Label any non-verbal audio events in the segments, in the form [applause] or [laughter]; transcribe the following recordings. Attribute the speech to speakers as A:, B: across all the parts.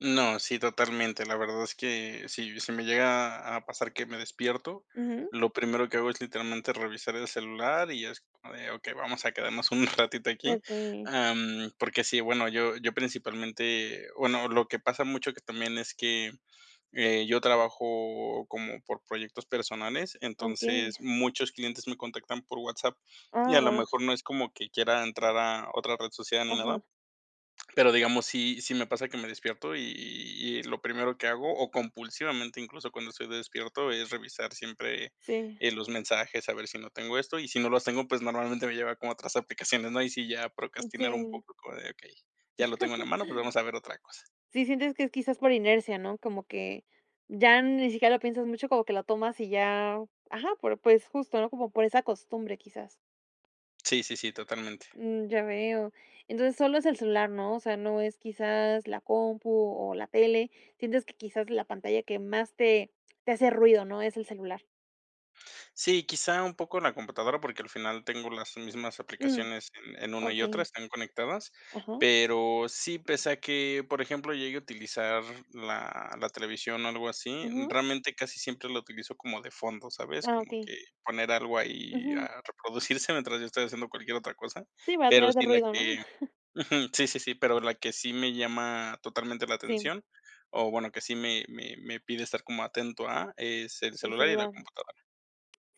A: No, sí, totalmente. La verdad es que si si me llega a a pasar que me despierto,
B: Ujú.
A: lo primero que hago es literalmente revisar el celular y es como de okey, vamos a quedarnos un [chuckles] ratito
B: Eh,
A: aquí.
B: okey.
A: Am, porque sí, bueno, yo yo principalmente bueno, lo que pasa mucho que también es que, eh, yo trabajo como por proyectos personales,
B: Okey.
A: entonces muchos clientes me contactan por WhatsApp, y
B: Ah,
A: a lo
B: va.
A: mejor no es como que quiera entrar a otra red social ni nada.
B: Ajá.
A: Pero, digamos, sí, sí me pasa que me despierto y y lo primero que hago, o compulsivamente incluso cuando estoy despierto, es revisar siempre,
B: Sí.
A: eh, los mensajes, a ver si no tengo esto. Y si no los tengo, pues, normalmente me lleva como a otras aplicaciones, ¿no? Ahí sí, ya
B: Mm,
A: procrastinar un
B: sí.
A: poco como de, okey, ya lo tengo en la mano, bueno, vamos a ver otra cosa.
B: [chuckles] Sí, sientes que es quizás por inercia, ¿no? Como que ya ni siquiera lo piensas mucho, como que lo tomas y ya ajá, por pues justo, ¿no?, como por esa costumbre quizás.
A: Sí, sí, sí, totalmente.
B: Mm, ya veo. ¿Entonces, solo es el celular, no? O sea, ¿no es quizás la compu o la tele? Sientes que quizás la pantalla que más te te hace ruido, ¿no?, es el celular.
A: Sí, quizá un poco la computadora porque, al final, tengo las mismas
B: Mm,
A: aplicaciones en en una y otra,
B: okey.
A: están conectadas.
B: Ajá.
A: Pero sí, pese a que, por ejemplo, llegue a utilizar la la televisión, o, algo así,
B: Ujú.
A: realmente casi siempre la utilizo como de fondo, ¿sabes?
B: Ah,
A: Como
B: okey.
A: que poner algo ahí
B: Ujú.
A: a reproducirse [chuckles] mientras yo estoy haciendo cualquier otra cosa.
B: Sí, para
A: Pero
B: tener de
A: sí, la
B: ruido, ¿no?
A: que
B: [chuckles]
A: ujú, sí, sí, sí, pero la que sí me llama totalmente la
B: Sí.
A: atención, o, bueno, que sí me me me pide estar como atento a, es el
B: El
A: celular y la
B: celular.
A: computadora.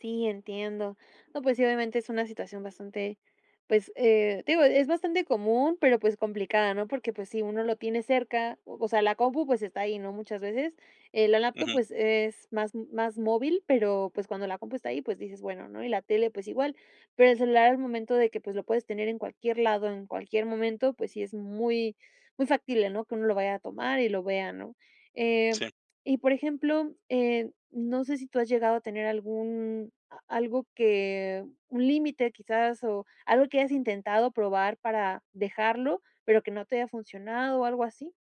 B: Sí, entiendo. No, pues sí, obviamente, es una situación bastante, pues, eh, digo, e es bastante común, pero, pues, complicada, ¿no? Porque, pues sí, uno lo tiene cerca, o o sea, la compu, pues, está ahí, ¿no?, muchas veces. Eh, la laptop,
A: Ujú.
B: pues, es más más móvil, pero, pues, cuando la compu está ahí, pues dices, bueno, ¿no? Y la tele, pues igual. Pero el celular, al momento de que, pues, lo puedes tener en cualquier lado, en cualquier momento, pues sí es muy, muy factible, ¿no?, que uno lo vaya a tomar y lo vea, ¿no? Eh,
A: Sí.
B: y, por ejemplo, eh, ¿no sé si tú has llegado a tener algún a algo que un límite, quizás, o algo que hayas intentado probar para dejarlo, pero que no te haya funcionado, o algo así?